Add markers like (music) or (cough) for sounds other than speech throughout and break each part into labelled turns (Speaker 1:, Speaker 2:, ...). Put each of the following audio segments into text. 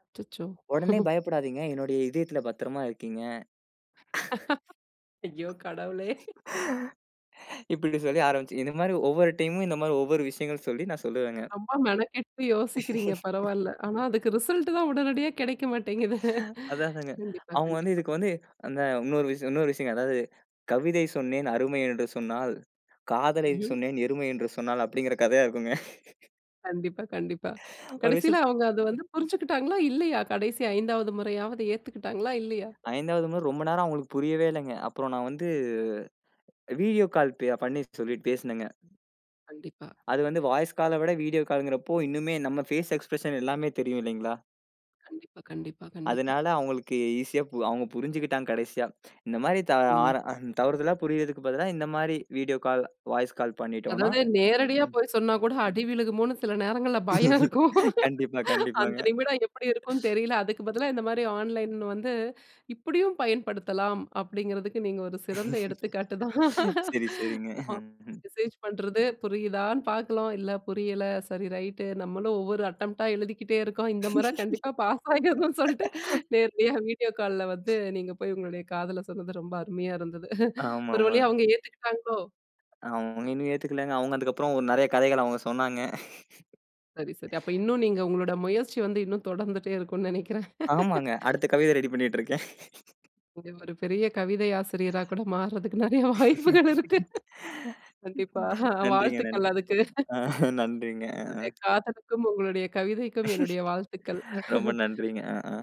Speaker 1: அச்சச்சோ!
Speaker 2: "உடனே
Speaker 1: (chuckles)
Speaker 2: பயப்படாதீங்க. என்னுடைய இதயத்தில பத்திரமா இருக்கீங்க."
Speaker 1: (laughs) ஐயோ! கடவுளே. (chuckles)
Speaker 2: (laughs) இப்படி சொல்லி ஆரம்பிச்சு இந்த மாரி ஒவ்வொரு டைமும் இந்த மாரி ஒவ்வொரு விஷயங்கள் சொல்லி நான் சொல்லுவேங்க.
Speaker 1: ரொம்ப மெனக்கெட்டு யோசிக்கிறீங்க
Speaker 2: (laughs)
Speaker 1: பரவாயில்ல. ஆனா, அதுக்கு ரிசல்ட் தான் உடனடியா கெடைக்க மாட்டேங்குது.
Speaker 2: (laughs) அதா அதாங்க.
Speaker 1: கண்டிப்பா
Speaker 2: அவங்க வந்து,
Speaker 1: கண்டிப்பா.
Speaker 2: இதுக்கு வந்து அந்த இன்னொரு விஷ இன்னொரு விஷயங்க. அதாவது "கவிதை சொன்னேன் அருமை என்று சொன்னாள், காதலை
Speaker 1: ம்ஹ்ம்.
Speaker 2: சொன்னேன் எருமை என்று சொன்னாள்" அப்படிங்கிற கதையா இருக்குங்க. (laughs)
Speaker 1: கண்டிப்பா, கண்டிப்பா.
Speaker 2: (inhales) ஒரு
Speaker 1: கடசில
Speaker 2: விஷயத்
Speaker 1: அவங்க அத வந்து புரிஞ்சுகிட்டாங்களா, இல்லையா? கடைசி 5வது முறையாவது ஏத்துக்கிட்டாங்களா, இல்லையா?
Speaker 2: 5 வது முறை ரொம்ப நேரம் அவங்களுக்கு புரியவே இல்லைங்க. அப்புறம் நான் வந்து வீடியோ கால் பே பண்ணி சொல்லி பேசினேங்க.
Speaker 1: கண்டிப்பா.
Speaker 2: அது வந்து வாய்ஸ் கால விட, வீடியோ காலுங்கிறப்போ இன்னுமே நம்ம பேஸ் எக்ஸ்பிரஷன் எல்லாமே தெரியும் இல்லைங்களா?
Speaker 1: கண்டிப்பா, கண்டிப்பா, கண்டிப்பா.
Speaker 2: அதனால அவங்களுக்கு ஈசியா அவங்க புரிஞ்சுக்கிட்டாங்க கடைசியா. இந்த மாரி தா
Speaker 1: ம்.
Speaker 2: ஆற அந் தவறுதலா புரியறதுக்கு பதிலா இந்த மாரி வீடியோ கால், வாய்ஸ் கால் பண்ணிட்டோனா
Speaker 1: அதாவது நேரடியா
Speaker 2: ம்.
Speaker 1: போய் சொன்னா கூட அடி விழுகுமோன்னு சில நேரங்கள்ல பயம் இருக்கும்.
Speaker 2: கண்டிப்பா,
Speaker 1: அந்த
Speaker 2: கண்டிப்பாங்க.
Speaker 1: நிமிடம் எப்படி இருக்குன்னு தெரியல. அதுக்கு பதிலா இந்த மாரி ஆன்லைன்னு வந்து, இப்படியும் பயன்படுத்தலாம் அப்படிங்கிறதுக்கு நீங்க ஒரு சிறந்த எடுத்துக்காட்டு தான்.
Speaker 2: சரி
Speaker 1: (laughs)
Speaker 2: சரிங்க.
Speaker 1: ஹா மெசேஜ் பண்றது புரியுதான்னு பார்க்கணும். இல்ல புரியல சரி ரைட்டு, நம்மளும் ஒவ்வொரு அட்டம்ப்ட்டா எழுதிக்கிட்டே இருக்கோம். இந்த முறை கண்டிப்பா பாஸ் ஆகிறணும்னு சொல்லிட்டு,
Speaker 2: (laughs)
Speaker 1: நேரடியா வீடியோ கால்ல வந்து நீங்க போய் உங்களுடைய காதல சொன்னது ரொம்ப அருமையா இருந்தது. (chuckles) ஒரு வழியா
Speaker 2: ஆமாமாங்க.
Speaker 1: அவங்க ஏத்துக்கிட்டாங்களோ!
Speaker 2: அவங்க இன்னும் ஏத்துக்கலங்க. அவங்க அதுக்கப்புறம் ஓ நெறைய கதைகள் அவங்க சொன்னாங்க.
Speaker 1: சரி, சரி. அப்ப
Speaker 2: (laughs)
Speaker 1: இன்னும் நீங்க உங்களோட முயற்சி வந்து, இன்னும் தொடர்ந்துட்டே இருக்கும்னு நெனைக்கிறேன்.
Speaker 2: ஆமாங்க.
Speaker 1: (laughs)
Speaker 2: அடுத்த கவிதை ரெடி பண்ணிட்டு இருக்கேன். (laughs)
Speaker 1: நீங்க ஒரு பெரிய கவிதை ஆசிரியரா கூட மாறுறதுக்கு நெறைய வாய்ப்புகள் இருக்கு. கண்டிப்பா.
Speaker 2: (laughs)
Speaker 1: ஹா
Speaker 2: நன்றிங்க
Speaker 1: வாழ்த்துக்கள்
Speaker 2: நன்றி.
Speaker 1: அதுக்கு.
Speaker 2: ஆ நன்றிங்க ஆ.
Speaker 1: உங்களுடைய காதலுக்கும், உங்களுடைய கவிதைக்கும் என்னுடைய வாழ்த்துக்கள்.
Speaker 2: (laughs) ரொம்ப
Speaker 1: (laughs)
Speaker 2: நன்றிங்க. அ ஆ.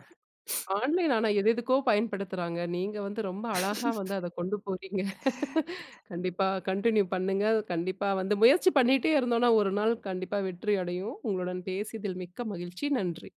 Speaker 2: (breath)
Speaker 1: ஆன்லைன் ஆனா எது எதுக்கோ பயன்படுத்துறாங்க. நீங்க வந்து ரொம்ப அழகா வந்து அத கொண்டு போறீங்க. (laughs)
Speaker 2: (laughs)
Speaker 1: கண்டிப்பா கன்டின்யூ பண்ணுங்க. கண்டிப்பா வந்து, முயற்சி பண்ணிட்டே இருந்தோம்னா ஒரு நாள் கண்டிப்பா வெற்றி அடையும். உங்களுடன் பேசியதில் மிக்க மகிழ்ச்சி. நன்றி.